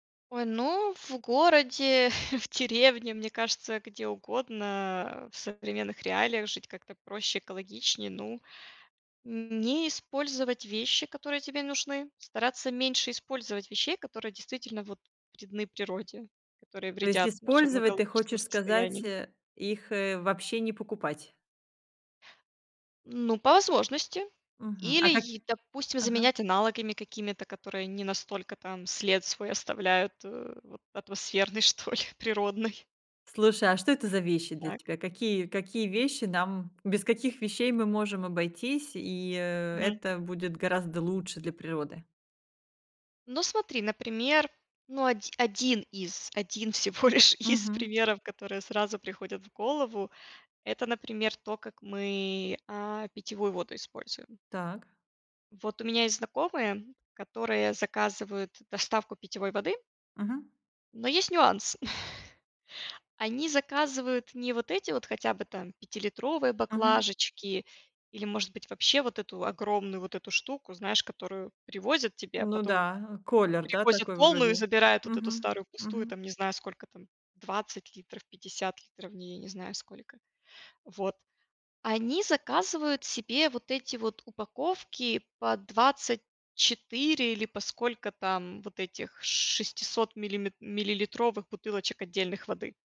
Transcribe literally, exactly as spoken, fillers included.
Ой, ну, в городе, в деревне, мне кажется, где угодно, в современных реалиях жить как-то проще, экологичнее. Ну, не использовать вещи, которые тебе нужны, стараться меньше использовать вещей, которые действительно вот вредны природе, которые То есть вредят нашему использовать, ты экологическому хочешь сказать, состоянию. э, их, э, вообще не покупать? Ну, по возможности Мгм. или А как е допустим, Ага. заменять аналогами какими-то, которые не настолько там след свой оставляют, э, вот атмосферный что ли, природный. Слушай, а что это за вещи для Так. тебя? Какие, какие вещи нам без каких вещей мы можем обойтись, и, э, Мгм. это будет гораздо лучше для природы? Ну, смотри, например, ну оди один из один всего лишь из Мгм. примеров, которые сразу приходят в голову- это, например, то, как мы, а, питьевую воду используем. Так. Вот у меня есть знакомые, которые заказывают доставку питьевой воды. Мгм. Но есть нюанс: они заказывают не вот эти вот, хотя бы там, пятилитровые Мгм. баклажечки или, может быть, вообще вот эту огромную вот эту штуку, знаешь, которую привозят тебе, а Ну потом да, колер, да, привозят такой полную и вроде. забирают вот эту Мгм. старую пустую. Мгм. Там не знаю сколько там: 20 литров, 50 литров в ней, я не знаю сколько. Вот. Они заказывают себе вот эти вот упаковки по 24 или по сколько там вот этих шестисот миллим миллилитровых бутылочек отдельных воды.